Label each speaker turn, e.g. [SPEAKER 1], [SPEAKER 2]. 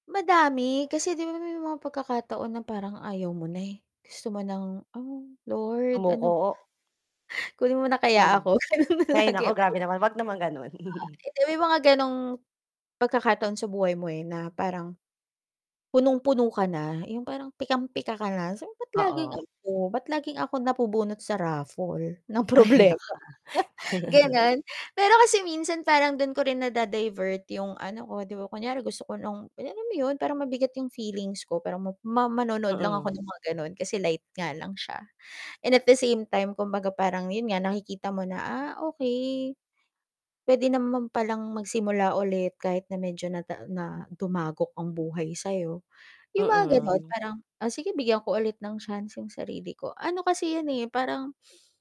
[SPEAKER 1] Madami, kasi 'di ba may mga pagkakataon na parang ayaw mo na, eh. Gusto mo ng, "Oh, Lord! Ano ba?"
[SPEAKER 2] Sumuko.
[SPEAKER 1] Kunin mo na kaya
[SPEAKER 2] Hmm,
[SPEAKER 1] ako ganun
[SPEAKER 2] hay
[SPEAKER 1] lagi,
[SPEAKER 2] nako,
[SPEAKER 1] pero
[SPEAKER 2] grabe naman. 'wag naman gano'n.
[SPEAKER 1] ah, hindi, may mga ganong pagkakataon sa buhay mo, eh, na parang punong-puno ka na, yung parang pikam-pika ka na, sabi mo, bat
[SPEAKER 2] Ay nako.
[SPEAKER 1] laging
[SPEAKER 2] Oo.
[SPEAKER 1] ako, ba't laging ako napubunot sa raffle ng
[SPEAKER 2] Ay
[SPEAKER 1] problema.
[SPEAKER 2] nako.
[SPEAKER 1] ganon pero kasi minsan parang dun ko rin na-da-divert yung ano ko, di ba, kunyari gusto ko ng alam mo yun, parang mabigat yung feelings ko. Parang ma ma manonood lang ako
[SPEAKER 2] Mm.
[SPEAKER 1] ng mga ganon kasi light nga lang siya, and at the same time kumbaga parang yun nga nakikita mo na, ah, okey. Pwede naman palang magsimula ulit, kahit na medyo na na dumagok ang buhay sa'yo, yung mga ganun
[SPEAKER 2] Mm.
[SPEAKER 1] parang, ah, sige bigyan ko ulit ng chance yung sarili ko ano kasi yun, eh, parang